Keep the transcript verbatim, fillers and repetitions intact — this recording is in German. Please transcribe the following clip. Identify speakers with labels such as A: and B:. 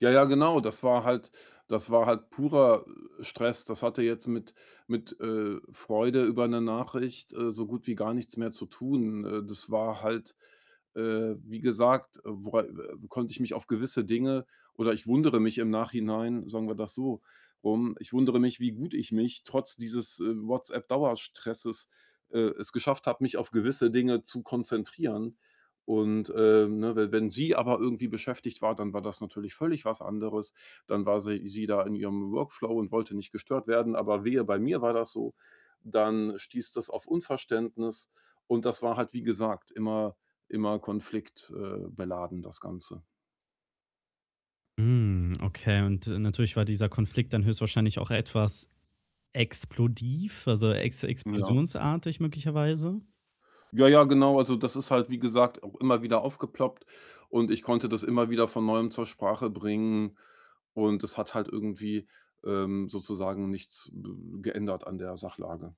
A: Ja, ja, genau. Das war halt das war halt purer Stress. Das hatte jetzt mit mit, äh, Freude über 'ne Nachricht, äh, so gut wie gar nichts mehr zu tun. Äh, das war halt äh, wie gesagt, wora äh, konnte ich mich auf gewisse Dinge oder ich wundere mich im Nachhinein, sagen wir das so rum ich wundere mich, wie gut ich mich trotz dieses, äh, WhatsApp-Dauerstresses äh, es geschafft habe, mich auf gewisse Dinge zu konzentrieren und, äh, ne, we wenn sie aber irgendwie beschäftigt war, dann war das natürlich völlig was anderes. Dann war sie sie da in ihrem Workflow und wollte nicht gestört werden. Aber wehe, bei mir war das so, dann stieß das auf Unverständnis und das war halt, wie gesagt, immer immer konflikt äh, beladen das Ganze.
B: Hm, okay, und natürlich war dieser Konflikt dann höchstwahrscheinlich auch etwas explodiv, also, ex
A: Ja.
B: explosionsartig möglicherweise?
A: Ja, ja, genau. Also, das ist halt, wie gesagt, auch immer wieder aufgeploppt und ich konnte das immer wieder von Neuem zur Sprache bringen und es hat halt irgendwie, ähm, sozusagen nichts b geändert an der Sachlage.